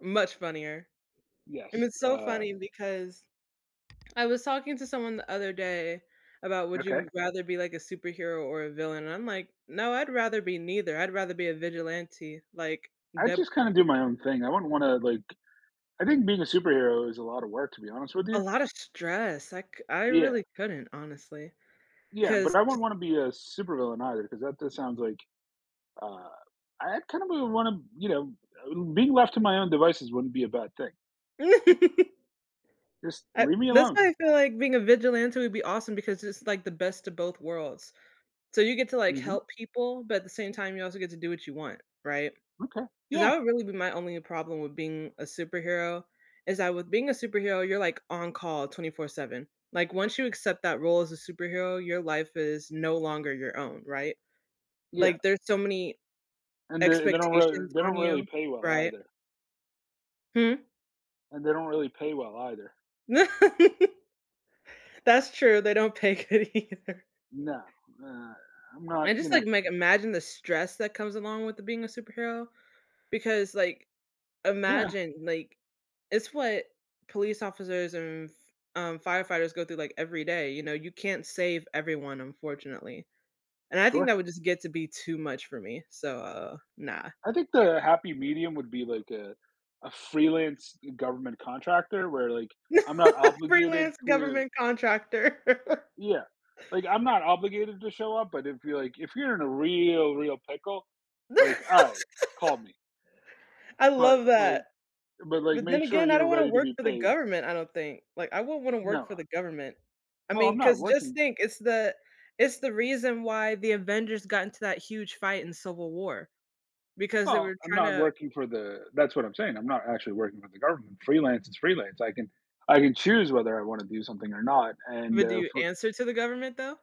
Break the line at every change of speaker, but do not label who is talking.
Much funnier. And
Yes,
it's so
uh
funny because I was talking to someone the other day about, "Would
Okay.
you rather be like a superhero or a villain?" And I'm like, no, I'd rather be neither, I'd rather be a vigilante like
I
Deadpool.
just kinda do my own thing. I wouldn't wanna, like I think being a superhero is a lotta work, to be honest with
A
you.
lotta stress I cou I
Yeah.
really couldn't honestly,
Yeah, but
'cause
I
jus
wouldn't wanna be a supervillain either 'cause that just sounds like uh, I had kind of u wanna, you know, uh be left to my own devices wouldn't be a bad thing. Just
uh,
leave me
that's
alone.
why I feel like being a vigilante would be awesome because it's like the best of both worlds. So, you get to like
Mhm.
help people, but at the same time you also get to do what you want, right?
Okay,
'Cause
yeah.
that would really be my only problem with being a superhero is that with being a superhero, you're like on call 24/7. Like, once you accept that role as a superhero, your life is no longer your own, right?
Yeah.
Like there's so many
And they they don't really
expectations
they
on
don't really
you,
pay well
right?
either.
Hmm?
And they don't really pay well either.
That's true. They don't pay good either.
No, uh, I'm not
And just like
interested.
like, imagine the stress that comes along with the being a superhero because like
Yeah.
imagine, like, it's what police officers and f, um, firefighters go through like every day, you know, you can't save everyone unfortunately. And I think
Sure.
that would just get to be too much for me. So, uh, no.
I think the happy medium would be like, uh, a freelance government contractor where, like,
Not
I'm not
a
obligated
freelance
to
government contractor.
yeah. Like, I'm not obligated to show up, but if you're, like, if you're in a real real pickle, like, "All right, call me."
I
But,
love
like
that.
but like
But then
make sure
again, I
you're
don't wanna
ready to
work
be
for the
paid.
government, I don't think, like, I won't wanna work for
Nuh-uh.
the government. I
Well, I'm
mean,
not
'cause just
working
think, it's the it's the reason why the Avengers got into that huge fight in Civil War because they were
well, I'm not
tryna
working for the that's what I'm saying. I'm not actually working with the government, freelance is freelance. I can I can choose whether I wanna do something or not and,
But do
uh,
you
for
answer to the government though?